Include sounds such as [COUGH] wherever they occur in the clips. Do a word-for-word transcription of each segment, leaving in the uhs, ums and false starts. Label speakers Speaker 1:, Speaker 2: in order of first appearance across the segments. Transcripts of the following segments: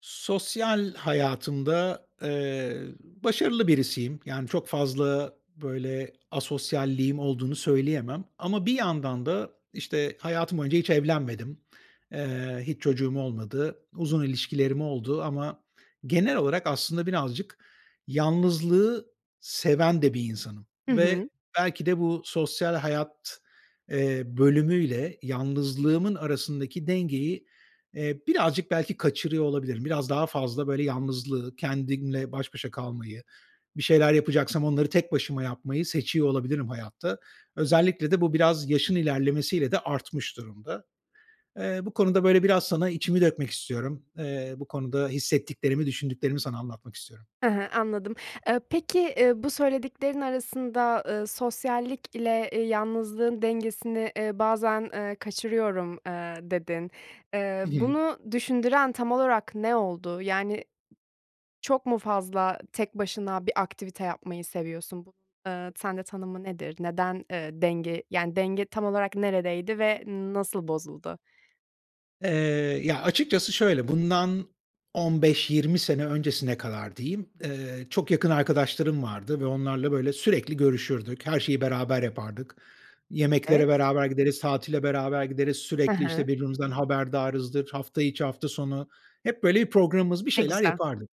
Speaker 1: Sosyal hayatımda, eee, başarılı birisiyim. Yani, çok fazla, böyle, asosyalliğim olduğunu söyleyemem ama bir yandan da, işte, hayatım boyunca hiç evlenmedim. Eee, hiç çocuğum olmadı. Uzun ilişkilerim oldu ama genel olarak aslında birazcık yalnızlığı seven de bir insanım
Speaker 2: Hı hı.
Speaker 1: ve belki de bu sosyal hayat, eee, bölümüyle yalnızlığımın arasındaki dengeyi, eee, birazcık belki kaçırıyor olabilirim. Biraz daha fazla, böyle, yalnızlığı, kendimle baş başa kalmayı, bir şeyler yapacaksam onları tek başıma yapmayı seçiyor olabilirim hayatta. Özellikle de bu biraz yaşın ilerlemesiyle de artmış durumda. Eee, bu konuda böyle biraz sana içimi dökmek istiyorum. Eee, bu konuda hissettiklerimi, düşündüklerimi sana anlatmak istiyorum.
Speaker 2: Hı hı, anladım. Eee, peki, eee, bu söylediklerin arasında, ııı, "Sosyallikle, eee, yalnızlığın dengesini, ııı, bazen, eee, kaçırıyorum." eee, dedin. Eee,
Speaker 1: Hı hı.
Speaker 2: bunu düşündüren tam olarak ne oldu? Yani çok mu fazla, tek başına bir aktivite yapmayı seviyorsun? [UNINTELLIGIBLE] eee, sende tanımı nedir? Neden, eee, denge? Yani denge tam olarak neredeydi ve nasıl bozuldu?
Speaker 1: Eee, ya, açıkçası şöyle, bundan on beş yirmi sene öncesine kadar diyeyim, eee, çok yakın arkadaşlarım vardı ve onlarla böyle sürekli görüşürdük, her şeyi beraber yapardık.
Speaker 2: Evet.
Speaker 1: Yemeklere beraber gideriz, tatile beraber gideriz,
Speaker 2: Hı
Speaker 1: sürekli,
Speaker 2: hı.
Speaker 1: işte, birbirimizden haberdarızdır hafta içi, hafta sonu. Hep böyle bir programımız, bir
Speaker 2: Ne
Speaker 1: şeyler
Speaker 2: güzel.
Speaker 1: yapardık.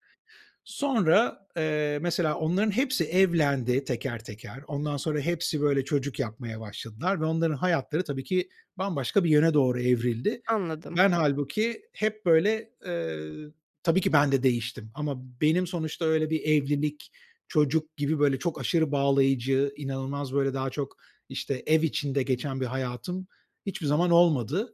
Speaker 1: Sonra, eee, mesela onların hepsi evlendi teker teker. Ondan sonra hepsi böyle çocuk yapmaya başladılar ve onların hayatları tabii ki bambaşka bir yöne doğru evrildi.
Speaker 2: Anladım.
Speaker 1: Ben hâlbuki hep böyle, eee Tabii ki ben de değiştim ama benim sonuçta öyle bir evlilik, çocuk gibi, böyle, çok aşırı bağlayıcı, inanılmaz böyle daha çok, işte, ev içinde geçen bir hayatım hiçbir zaman olmadı.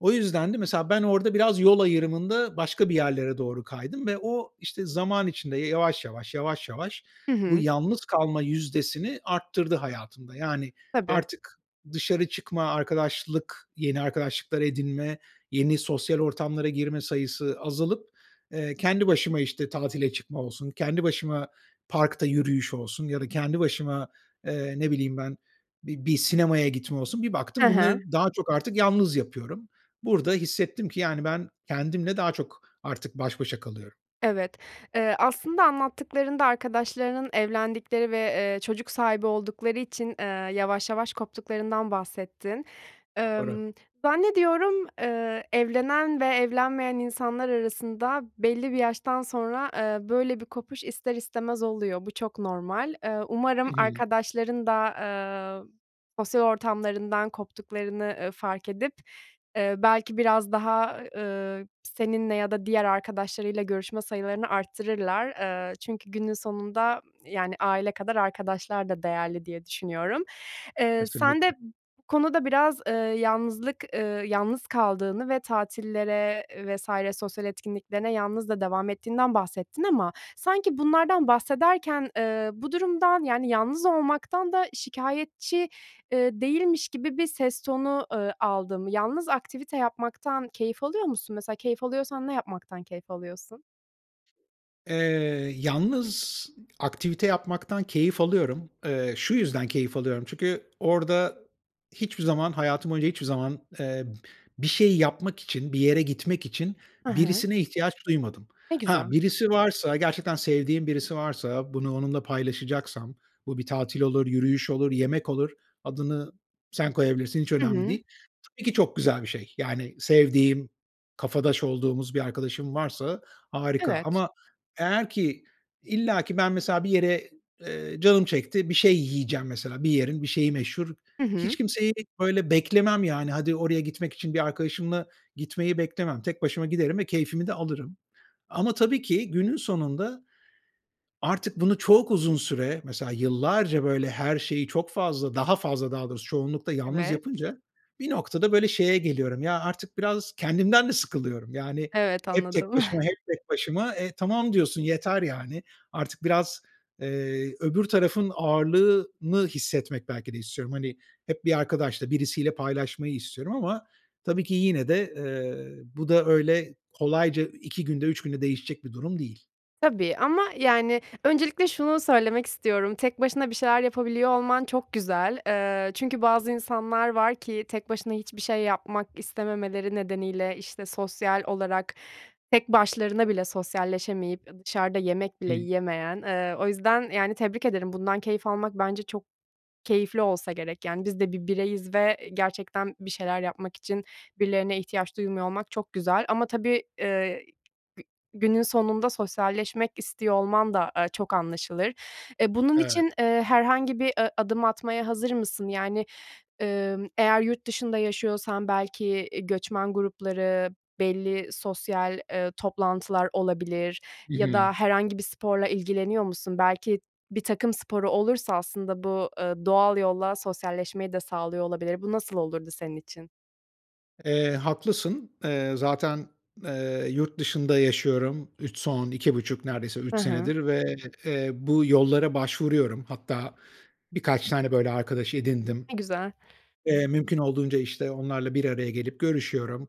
Speaker 1: O yüzden de mesela ben orada biraz yol ayrımında başka bir yerlere doğru kaydım ve o, işte, zaman içinde yavaş yavaş, yavaş yavaş
Speaker 2: Hı
Speaker 1: bu
Speaker 2: hı.
Speaker 1: yalnız kalma yüzdesini arttırdı hayatımda. Yani
Speaker 2: Tabii.
Speaker 1: artık dışarı çıkma, arkadaşlık, yeni arkadaşlıklar edinme, yeni sosyal ortamlara girme sayısı azalıp, eee, kendi başıma, işte, tatile çıkma olsun, kendi başıma parkta yürüyüş olsun ya da kendi başıma, eee, ne bileyim ben, bir bir sinemaya gitme olsun bir
Speaker 2: Hı
Speaker 1: baktım
Speaker 2: hı.
Speaker 1: bunları daha çok artık yalnız yapıyorum. Burada hissettim ki, yani, ben kendimle daha çok artık baş başa kalıyorum.
Speaker 2: Evet. Eee, aslında anlattıklarında arkadaşlarının evlendikleri ve, eee, çocuk sahibi oldukları için, eee, yavaş yavaş koptuklarından bahsettin.
Speaker 1: Doğru.
Speaker 2: Imm, zannediyorum, ııı, evlenen ve evlenmeyen insanlar arasında belli bir yaştan sonra, eee, böyle bir kopuş ister istemez oluyor. Bu çok normal. Eee, umarım
Speaker 1: Hı hı.
Speaker 2: arkadaşların da, eee, sosyal ortamlarından koptuklarını, ııı, fark edip, ııı, belki biraz daha, ııı, seninle ya da diğer arkadaşlarıyla görüşme sayılarını arttırırlar. Iıı, çünkü günün sonunda yani aile kadar arkadaşlar da değerli diye düşünüyorum. Eee, sen de
Speaker 1: Kesinlikle.
Speaker 2: bu konuda biraz, ııı, yalnızlık, ııı, yalnız kaldığını ve tatillere vs. sosyal etkinliklerine yalnız da devam ettiğinden bahsettin. Ama sanki bunlardan bahsederken, ııı, bu durumdan yani yalnız olmaktan da şikâyetçi, ııı, değilmiş gibi bir ses tonu, ııı, aldım. Yalnız aktivite yapmaktan keyif alıyor musun? Mesela keyif alıyorsan ne yapmaktan keyif alıyorsun?
Speaker 1: Eee, yalnız aktivite yapmaktan keyif alıyorum. Eee, şu yüzden keyif alıyorum çünkü orada hiçbir zaman hayatım boyunca hiçbir zaman, eee, b bir şeyi yapmak için, bir yere gitmek için
Speaker 2: I hı.
Speaker 1: birisine ihtiyaç duymadım.
Speaker 2: Ne
Speaker 1: Ha,
Speaker 2: güzel.
Speaker 1: birisi varsa gerçekten sevdiğim birisi varsa bunu onunla paylaşacaksam bu bir tatil olur, yürüyüş olur, yemek olur, adını sen koyabilirsin, hiç
Speaker 2: I
Speaker 1: önemli
Speaker 2: hı.
Speaker 1: değil. Tabii ki çok güzel bir şey, yani, sevdiğim, kafadaş olduğumuz bir arkadaşım varsa, harika,
Speaker 2: Evet.
Speaker 1: ama eğer ki illaki ben, mesela, bir yere, eee, canım çekti, bir şey yiyeceğim, mesela, bir yerin bir şeyi meşhur,
Speaker 2: Hı
Speaker 1: hiç
Speaker 2: hı.
Speaker 1: kimseyi, böyle, beklemem, yani, hadi oraya gitmek için bir arkadaşımla gitmeyi beklemem, tek başıma giderim ve keyfimi de alırım. Ama tabii ki günün sonunda, artık bunu çok uzun süre, mesela, yıllarca böyle her şeyi çok fazla daha fazla daha doğrusu, çoğunlukla yalnız
Speaker 2: Evet.
Speaker 1: yapınca bir noktada böyle şeye geliyorum, ya, artık biraz kendimden de sıkılıyorum yani
Speaker 2: Evet,
Speaker 1: hep tek
Speaker 2: anladım.
Speaker 1: başıma,
Speaker 2: [CHUCKLES]
Speaker 1: hep tek başıma, e, tamam diyorsun, yeter, yani. Artık biraz, eee, öbür tarafın ağırlığını hissetmek belki de istiyorum. Hani, hep bir arkadaşla, birisiyle paylaşmayı istiyorum ama tabii ki yine de, eee, bu da öyle kolayca iki günde, üç günde değişecek bir durum değil.
Speaker 2: Tabii ama, yani, öncelikle şunu söylemek istiyorum. Tek başına bir şeyler yapabiliyor olman çok güzel. Eee, çünkü bazı insanlar var ki tek başına hiçbir şey yapmak istememeleri nedeniyle, işte, sosyal olarak tek başlarına bile sosyalleşemeyip ı dışarıda yemek
Speaker 1: Hı.
Speaker 2: bile yiyemeyen, eee, o yüzden, yani, tebrik ederim, bundan keyif almak bence çok keyifli olsa gerek. Yani, biz de bir bireyiz ve, eee, gerçekten bir şeyler yapmak için birilerine ihtiyaç duymuyor olmak çok güzel. Ama tabii, eee, gü günün sonunda sosyalleşmek istiyor olman da a çok anlaşılır. E, bunun
Speaker 1: Evet.
Speaker 2: için, eee, herhangi bir ı adım atmaya hazır mısın? Yani, emm, eğer yurt dışında yaşıyorsan belki, eee, göçmen grupları, belli sosyal, eee, toplantılar olabilir
Speaker 1: Hı
Speaker 2: ya
Speaker 1: hı.
Speaker 2: da herhangi bir sporla ilgileniyor musun? Belki bir takım sporu olursa aslında bu, ııı, doğal yolla sosyalleşmeyi de sağlıyor olabilir. Bu nasıl olurdu senin için?
Speaker 1: Eee, haklısın. Eee, zaten, eee, yurt dışında yaşıyorum Üç son iki buçuk neredeyse
Speaker 2: Hı
Speaker 1: üç
Speaker 2: hı.
Speaker 1: senedir ve, eee, bu yollara başvuruyorum. Hatta birkaç tane böyle, arkadaş edindim.
Speaker 2: Ne güzel.
Speaker 1: Eee, mümkün olduğunca, işte, onlarla bir araya gelip görüşüyorum.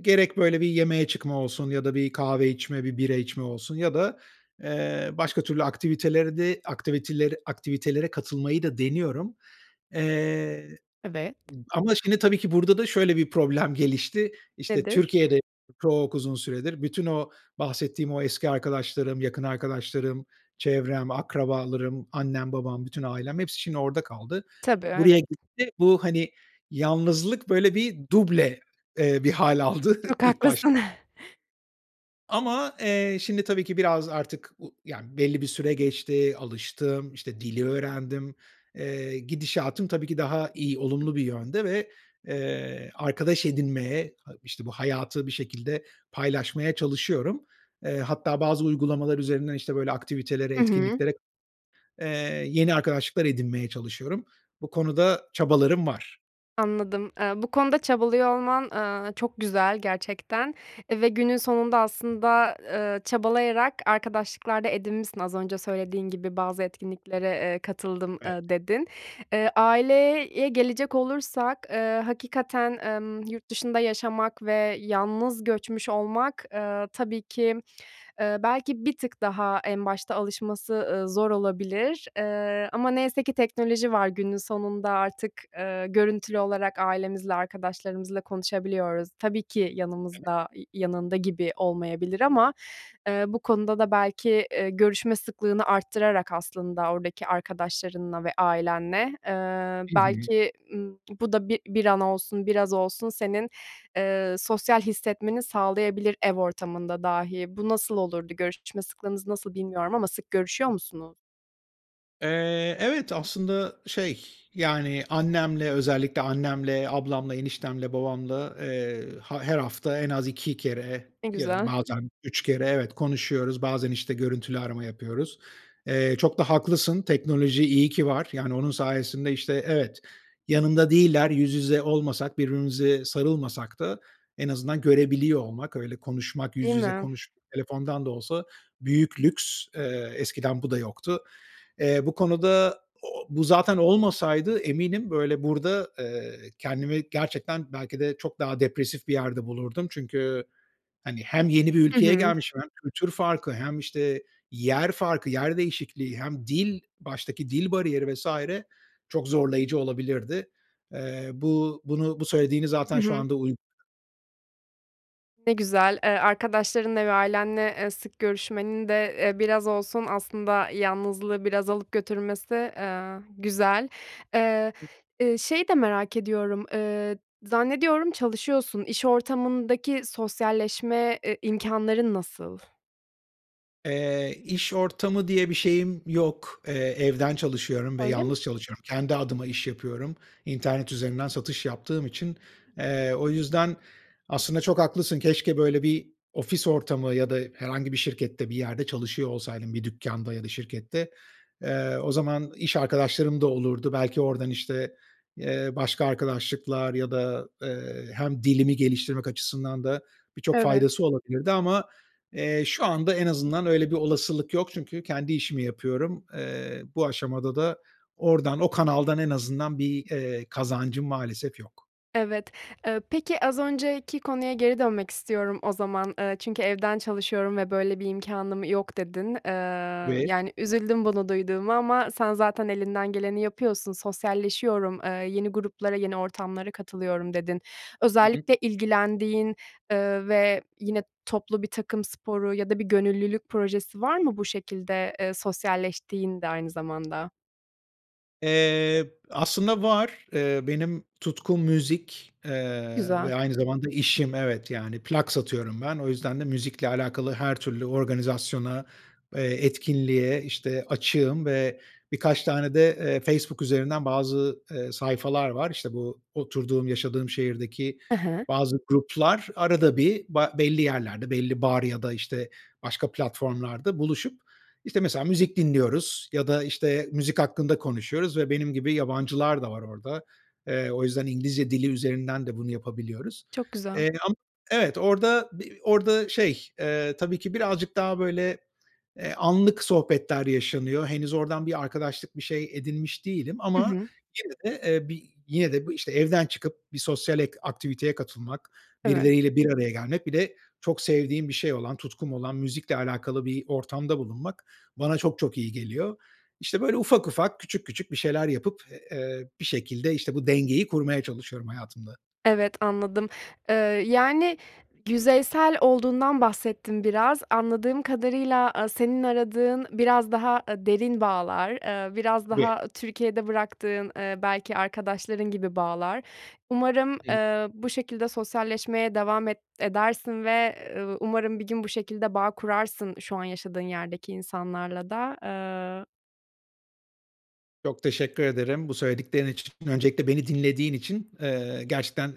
Speaker 1: Gerek böyle bir yemeğe çıkma olsun ya da bir kahve içme, bir bira içme olsun ya da, eee, başka türlü aktiviteleri de aktiviteler aktivitelere katılmayı da deniyorum. Eee,
Speaker 2: Evet.
Speaker 1: ama şimdi tabii ki burada da şöyle bir problem gelişti. İşte,
Speaker 2: Nedir?
Speaker 1: Türkiye'de çok uzun süredir bütün o bahsettiğim o eski arkadaşlarım, yakın arkadaşlarım, çevrem, akrabalarım, annem, babam, bütün ailem, hepsi şimdi orada kaldı.
Speaker 2: Tabii,
Speaker 1: Buraya
Speaker 2: evet.
Speaker 1: gitti, bu, hani, yalnızlık böyle bir duble, eee, bir hâl aldı
Speaker 2: Çok
Speaker 1: ilk baş
Speaker 2: haklısın. [CHUCKLES]
Speaker 1: Ama, eee, şimdi tabii ki biraz artık u yani belli bir süre geçti, alıştım, işte, dili öğrendim. Eee, gidişatım tabii ki daha iyi, olumlu bir yönde ve, eee, arkadaş edinmeye, a işte, bu hayatı bir şekilde paylaşmaya çalışıyorum. Eee, hatta bazı uygulamalar üzerinden, işte, böyle aktivitelere,
Speaker 2: Hı hı.
Speaker 1: etkinliklere, eee, yeni arkadaşlıklar edinmeye çalışıyorum. Bu konuda çabalarım var.
Speaker 2: Anladım. Eee, bu konuda çabalıyor olman, eee, çok güzel gerçekten, eee, ve günün sonunda aslında, ııı, çabalayarak arkadaşlıklar da edinmişsin az önce söylediğin gibi bazı etkinliklere, eee, katıldım,
Speaker 1: Evet.
Speaker 2: eee, dedin. Eee, aileye gelecek olursak, eee, hakikaten, emm, yurt dışında yaşamak ve yalnız göçmüş olmak, eee, tabii ki, ııı, belki bir tık daha en başta alışması, ııı, zor olabilir. Eee, ama neyse ki teknoloji var günün sonunda artık, eee, görüntülü olarak ailemizle arkadaşlarımızla konuşabiliyoruz. Tabii ki
Speaker 1: [UNINTELLIGIBLE]
Speaker 2: yanımızda i yanında gibi olmayabilir ama, eee, bu konuda da belki, eee, görüşme sıklığını arttırarak aslında oradaki arkadaşlarınla ve ailenle, eee,
Speaker 1: Hı hı.
Speaker 2: belki, ımm, bu da bir bir an olsun, biraz olsun senin, eee, sosyal hissetmeni sağlayabilir ev ortamında dahi. Bu nasıl olurdu? Görüşme sıklığınız nasıl bilmiyorum ama sık görüşüyor musunuz?
Speaker 1: Eee, evet aslında şey, yani, annemle, özellikle annemle, ablamla, eniştemle, babamla, eee, ha her hafta en az iki kere,
Speaker 2: Ne
Speaker 1: ya da
Speaker 2: güzel.
Speaker 1: bazen üç kere, evet konuşuyoruz, bazen işte görüntülü arama yapıyoruz. Eee, çok da haklısın, teknoloji iyi ki var. Yani, onun sayesinde işte, evet, yanımda değiller, yüz yüze olmasak, birbirimize sarılmasak da en azından görebiliyor olmak, öyle konuşmak, yüz
Speaker 2: Değil
Speaker 1: yüze
Speaker 2: mi?
Speaker 1: konuş telefondan da olsa büyük lüks, eee, eskiden bu da yoktu. Eee, bu konuda, o o bu zaten olmasaydı eminim böyle burada, eee, kendimi gerçekten belki de çok daha depresif bir yerde bulurdum. Çünkü, hani, hem yeni bir
Speaker 2: Hı
Speaker 1: ülkeye
Speaker 2: hı.
Speaker 1: gelmişim hem kültür farkı hem işte yer farkı, yer değişikliği, hem dil, baştaki dil bariyeri vs. çok zorlayıcı olabilirdi. Eee, bu, bunu bu söylediğini
Speaker 2: Hı
Speaker 1: zaten şu
Speaker 2: hı.
Speaker 1: anda uy
Speaker 2: Ne güzel. Eee, arkadaşlarınla ve ailenle, eee, sık görüşmenin de, eee, biraz olsun aslında yanlızlığı biraz alıp götürmesi, eee, güzel. Eee, eee, şeyi de merak ediyorum, eee, zannediyorum çalışıyorsun. İş ortamındaki sosyalleşme, e imkânların nasıl?
Speaker 1: Eee, iş ortamı diye bir şeyim yok. Eee, evden çalışıyorum ve
Speaker 2: Öyle mi?
Speaker 1: yalnız çalışıyorum. Kendi adıma iş yapıyorum internet üzerinden satış yaptığım için. Eee, o yüzden aslında çok haklısın keşke böyle bir ofis ortamı ya da herhangi bir şirkette bir yerde çalışıyor olsaydım bir dükkânda ya da şirkette, eee, o zaman iş arkadaşlarım da olurdu. Belki oradan işte, eee, başka arkadaşlıklar ya da, eee, hem dilimi geliştirmek açısından da birçok
Speaker 2: Evet.
Speaker 1: faydası olabilirdi. Ama, eee, şu anda en azından öyle bir olasılık yok çünkü kendi işimi yapıyorum. Eee, bu aşamada da oradan, o kanaldan en azından bir, eee, kazancım maalesef yok.
Speaker 2: Evet. Eee, peki az önceki konuya geri dönmek istiyorum o zaman. Eee, çünkü evden çalışıyorum ve böyle bir imkânım yok dedin. Eee,
Speaker 1: [UNINTELLIGIBLE]
Speaker 2: yani, üzüldüm bunu duyduğuma ama sen zaten elinden geleni yapıyorsun, "Sosyalleşiyorum, eee, yeni gruplara yeni ortamlara katılıyorum." dedin.
Speaker 1: Hı hı.
Speaker 2: Özellikle ilgilendiğin, eee, ve yine toplu birtakım sporu ya da bir gönüllülük projesi var mı bu şekilde, eee, sosyalleştiğinde aynı zamanda?
Speaker 1: Eee, aslında var. Eee, benim tutkum müzik, eee,
Speaker 2: Güzel.
Speaker 1: ve aynı zamanda işim evet, yani. Plak satıyorum ben. O yüzden de müzikle alakalı her türlü organizasyona, eee, etkinliğe, işte, açığım ve birkaç tane de, eee, Facebook üzerinden bazı, eee, sayfalar var. İşte bu oturduğum, yaşadığım şehirdeki
Speaker 2: E he.
Speaker 1: bazı gruplar arada bir ba belli yerlerde belli bar ya da işte başka platformlarda buluşup, işte, mesela müzik dinliyoruz ya da, işte, müzik hakkında konuşuyoruz ve benim gibi yabancılar da var orada. Eee, o yüzden İngilizce dili üzerinden de bunu yapabiliyoruz.
Speaker 2: Çok güzel.
Speaker 1: Eee, am evet, orada b orada şey, eee, tabii ki birazcık daha böyle, eee, anlık sohbetler yaşanıyor. Henüz oradan bir arkadaşlık, bir şey edinmiş değilim
Speaker 2: Hı
Speaker 1: ama
Speaker 2: hı.
Speaker 1: yine de, eee, bi yine de bu, işte, evden çıkıp bir sosyal et aktiviteye katılmak,
Speaker 2: Evet.
Speaker 1: birileriyle bir araya gelmek, bir de çok sevdiğim bir şey olan, tutkum olan, müzikle alakalı bir ortamda bulunmak bana çok çok iyi geliyor. İşte, böyle ufak ufak, küçük küçük bir şeyler yapıp, eee, bir şekilde, işte, bu dengeyi kurmaya çalışıyorum hayatımda.
Speaker 2: Evet, anladım. Eee, yani, yüzeysel olduğundan bahsettin biraz. Anladığım kadarıyla, aaa, senin aradığın biraz daha a derin bağlar, eee, biraz
Speaker 1: Tabii.
Speaker 2: daha Türkiye'de bıraktığın, ııı, belki arkadaşların gibi bağlar. Umarım,
Speaker 1: Hıı.
Speaker 2: eee, bu şekilde sosyalleşmeye devam et edersin ve, eee, umarım bir gün bu şekilde bağ kurarsın şu an yaşadığın yerdeki insanlarla da. Eee
Speaker 1: Çok teşekkür ederim bu söylediklerin için. Öncelikle beni dinlediğin için. Eee, gerçekten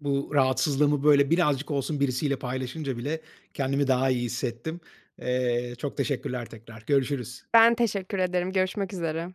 Speaker 1: bu rahatsızlığımı böyle birazcık olsun birisiyle paylaşınca bile kendimi daha iyi hissettim. Eee, çok teşekkürler tekrar. Görüşürüz.
Speaker 2: Ben teşekkür ederim. Görüşmek üzere.